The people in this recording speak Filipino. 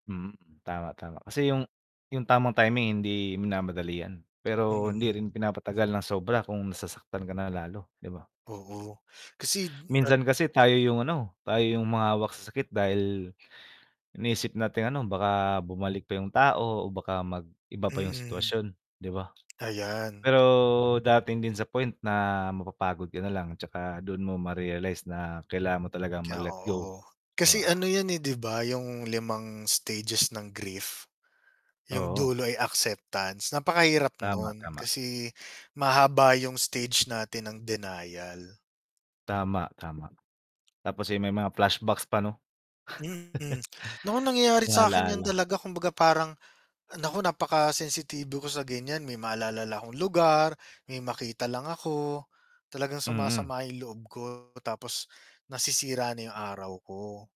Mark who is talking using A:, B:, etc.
A: Mm, tama, tama kasi 'yung 'yung tamang timing hindi minamadali 'yan, pero hindi
B: Mm.
A: rin pinapatagal ng sobra kung nasasaktan ka na lalo, 'di ba?
B: Oo kasi [unintelligible] at
A: Minsan kasi tayo 'yung ano, tayo 'yung humahawak sa sakit dahil iniisip nating ano baka bumalik pa 'yung tao o baka mag-iba pa 'yung
B: Mm.
A: sitwasyon, 'di ba?
B: Ayan.
A: Pero darating din sa point na mapapagod ka na lang 'tsaka doon mo marealize na kailangan mo talagang mag
B: Kaya,
A: let go,
B: oo.
A: 'di
B: Kasi
A: ba?
B: ano 'yun, eh, 'di ba, 'yung limang stages ng grief. 'Yung
A: Oo.
B: dulo ay acceptance, napakahirap
A: Tama,
B: nun
A: tama.
B: kasi mahaba 'yung stage natin ng denial.
A: Tama, tama tapos, eh, may mga flashbacks pa, 'no.
B: Mm, naku nangyayari
A: Mga
B: sa'kin 'yan
A: alaala.
B: talaga kumbaga parang naku napakensitibo ko sa ganiyan, may maalalala lang akong lugar, may makita lang ako, talagang
A: Mm.
B: sumasama 'yung loob ko tapos nasisira na 'yung araw ko.